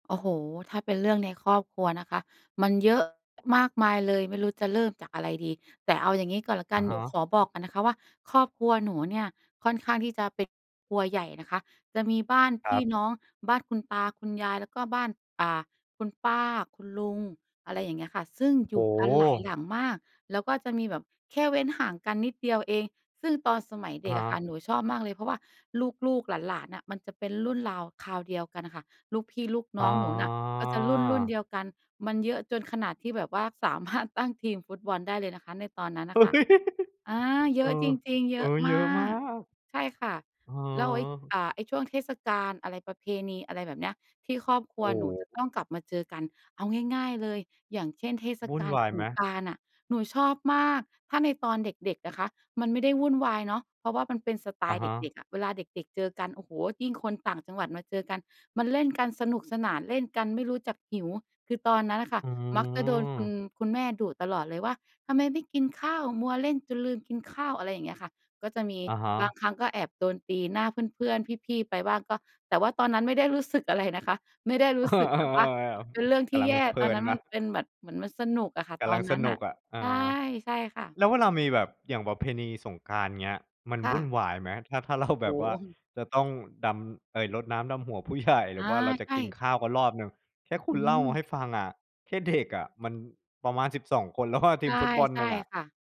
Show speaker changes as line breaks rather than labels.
โอ้โฮ ถ้าเป็นเรื่องในครอบครัวนะคะ มันเยอะมากมายเลยไม่รู้จะเริ่มจากอะไรดี แต่เอาอย่างงี้ก่อนแล้วกั
อ
น
ะฮ
หนู
ะ
ขอบอกกันนะคะว่า ครอบครัวหนูเนี่ยค่อนข้างที่จะเป็นครัวใหญ่นะคะ จะมีบ้าน
ค
พ
รั
ี่
บ
น้อง บ้านคุณตาคุณยาย แล้วก็บ้าน อ่า คุณป้าคุณลุง อะไรอย่างเงี้ยค่ะ ซึ่ง
โอ้
อ
โ
ยู่กันหลายห
ฮ
ลังมาก แล้วก็จะมีแบบแค่เว้นห่างกันนิดเดียวเอง ซึ่งตอนสมัยเ
อ
ด
ะ
็
ฮ
กอะค่ะ
ะ
หนูชอบมากเลย เพราะว่าลูก ๆ หลาน ๆ อะมันจะเป็นรุ่นราวคราวเดียวกันอะค่ะ ลูกพี่ลูก
อ
น
๋
้อ
อ
งหนูน่ะก็จะรุ่น ๆ เดียวกัน มันเยอะจนขนาดที่แบบว่า สามารถ ตั้งทีมฟุตบอลได้เลยนะคะในตอนนั้นน่ะค่ะ อ่า เ
เ
ย
อ
อ
อ
ะจริง ๆ เ
เ
ย
อ
อ
อ
ะ
เ
ม
ยอะ
า
มา
ก
ก
ใช่ค่ะ
อือ
แล้วไอ้
ฮึ
อ่า ไอ้ช่วงเทศกาลอะไร ประเพณี อะไรแบบเนี้ย ที่ครอบครั
โอ
ว
้
หน
โ
ูจะ
ฮ
ต้องกลับมาเจอกัน เอาง่าย ๆ เลย อย่างเช่น เทศ
วุ่
ก
น
าล
วาย
ส
ไหม?
งกรานต์อะ หนูชอบมาก ถ้าในตอนเด็ก ๆ นะคะ มันไม่ได้วุ่นวายเนาะ เพราะว่ามันเป็นสไต
อะ
ล์
ฮ
เด็
ะ
ก ๆ อะ เวลาเด็ก ๆ เจอกัน โอ้โฮ ยิ่งคนต่างจังหวัดมาเจอกันมันเล่นกันสนุกสนานเล่นกันไม่รู้จักหิว คือตอนนั้นอะค่ะ
อื
มักจะโดนคุณ
ม
คุณแม่ดุตลอดเลยว่า "ทำไมไม่กินข้าว มัวเล่นจนลืมกินข้าว" อะไรอย่างเงี้ยค่ะ ก็จะมี
อะฮ
บา
ะ
งครั้งก็แอบโดนตีหน้าเพื่อน ๆ พี่ ๆ ไปบ้างก็ แต่ว่าตอนนั้นไม่ได้รู้สึกอะไรนะคะ ไม่ได้ร
เอ
ู้
อ
สึกแบบว่ามันเป็
ๆ
นเรื่อง
ๆ ก
ท
ะ
ี่
ลั
แ
ง
ย่
เพลิ
ตอนน
น
ั้น
น
ม
ะ
ันเป็นแบบ เหมือนมันสนุกอะค่ะ
กะ
ตอ
ลั
น
ง
น
ส
ั้น
น
อ
ุก
ะ
อะ เอ
ใช่
อ
ใช่ค่ะ
แล้วเวลามีแบบอย่างประเพณีสงกรานต์ อย่างเงี้ย มัน
ค่
วุ่น
ะ
วายไหม ถ้า ถ้า เรา
โ
แบ
อ
บ
้
ว่
โ
า
ฮ
จะต้องดำ เอ๊ย รดน้ำดำหัวผู้ ใหญ่ หร
อ
ื
า
อว่าเราจะ
ใช
กิน
่
ข้าวกันรอบหนึ่ง แค่คุ
อ
ณ
ื
เล่าม
ม
าให้ฟังอะ แค่เด็กอะมันประมาณ 12 คนแล้ว อะ ท
ใ
ี
ช
ม
่
ฟุตบอล
ใช
หน
่
ึ่งอะ
ค่ะ